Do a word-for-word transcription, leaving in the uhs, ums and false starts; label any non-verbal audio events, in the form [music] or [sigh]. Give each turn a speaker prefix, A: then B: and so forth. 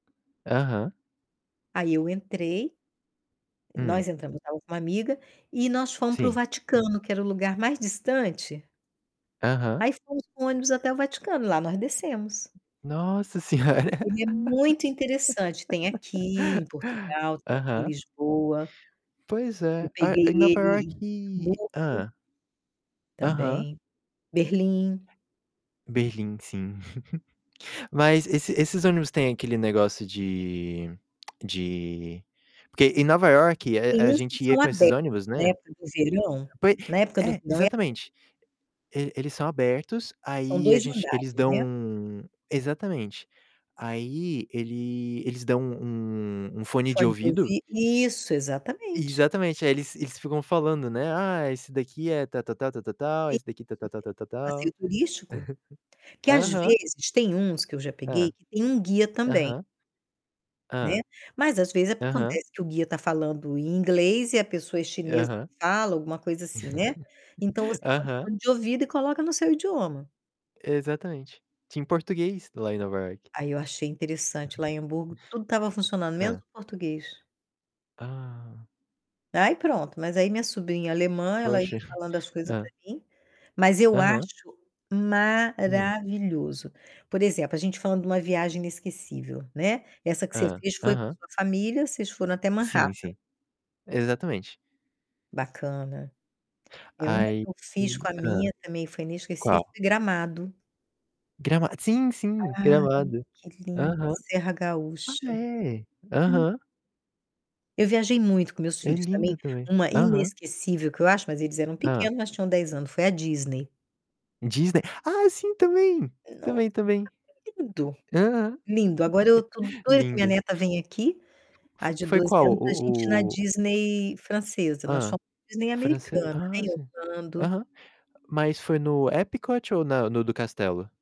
A: Aham.
B: Aí eu entrei,
A: Hum.
B: nós entramos, eu tava com uma amiga, e nós fomos para o
A: Sim.
B: Vaticano, que era o lugar mais distante
A: Aham.
B: aí fomos com ônibus até o Vaticano, lá nós descemos.
A: Nossa Senhora!
B: Ele é muito interessante, tem aqui em
A: [laughs]
B: Portugal, tem aqui em
A: Aham.
B: Lisboa.
A: Pois
B: Eu
A: é, a
B: peguei
A: em Nova
B: ele em
A: Ioque
B: Hamburgo
A: hã? Aham.
B: também, Berlim.
A: Berlim, sim. [chuckles] Mas esse esses ônibus têm aquele negócio de de porque em Nova Iorque, e
B: Tem
A: a
B: uns que
A: gente ia
B: são
A: com esses
B: abertos,
A: ônibus,
B: né, na
A: né.
B: época do verão.
A: Poi
B: Na época do
A: é,
B: verão é abe
A: exatamente. E eles são abertos,
B: São
A: aí a
B: dois
A: gente eles
B: andares,
A: dão
B: né?
A: exatamente. Aí ele eles dão um um
B: O
A: fone de
B: fone de
A: ouvido
B: ouvi isso, exatamente.
A: Exatamente, aí eles eles ficam falando, né, "Ah, esse daqui é tal, tal, tal, tal, tal, tal,
B: E
A: esse daqui tal, tal, tal,
B: [unintelligible]
A: tal, tal".
B: passeio turístico, que às
A: [chuckles] Aham.
B: vezes tem uns que eu já peguei,
A: Hã.
B: que tem um guia também
A: Aham.
B: né,
A: Hã.
B: mas às vezes
A: Aham.
B: acontece que o guia tá falando em inglês e a pessoa é chinesa, não
A: Aham.
B: fala, alguma coisa assim, né. Então, você
A: [chuckles]
B: põe o
A: Aham.
B: fone de ouvido e coloca no seu idioma.
A: Exatamente. Tinha em português lá em Nova Iorque.
B: Aí eu achei interessante,
A: Aham.
B: lá em Hamburgo tudo tava funcionando, menos
A: Hã.
B: o português.
A: Ah.
B: Aí pronto, mas aí minha sobrinha alemã, ela
A: Poxa.
B: ia falando as coisas pra
A: Hã.
B: mim, mas eu
A: Aham.
B: acho
A: Hum.
B: maravilhoso. Por exemplo, a gente falando de uma viagem inesquecível, né, essa que você
A: Hã,
B: fez foi com a
A: aham.
B: sua família, vocês foram até Manhattan.
A: Sim, sim. Exatamente.
B: Bacana. É, uma
A: Aí
B: que eu fiz
A: ih,
B: com a
A: hã.
B: minha também foi inesquecível,
A: Qual?
B: foi Gramado.
A: Grama sim, sim,
B: Ai,
A: gramado.
B: que linda a
A: Aham.
B: Serra Gaúcha.
A: Ah, é.
B: Hum.
A: Aham.
B: Eu viajei muito com meus
A: É
B: filhos também.
A: lindo também.
B: Uma
A: Aham.
B: inesquecível que eu acho, mas eles eram
A: Hã.
B: pequenos, mas tinham dez anos, foi a Disney.
A: Disney. Ah, sim, também.
B: Nossa,
A: Também, também.
B: lindo,
A: Aham.
B: lindo. Agora eu tô
A: [chuckles]
B: doida que minha
A: Lindo.
B: neta vem aqui, a
A: F
B: de
A: foi
B: doze
A: qual
B: anos, pra gente ir na
A: o o
B: Disney francesa. Nós
A: Hã?
B: fomos na Disney
A: Francês?
B: americana,
A: Ah,
B: em
A: sim.
B: Orlando
A: Aham. Mas foi no Epcot ou na no do castelo?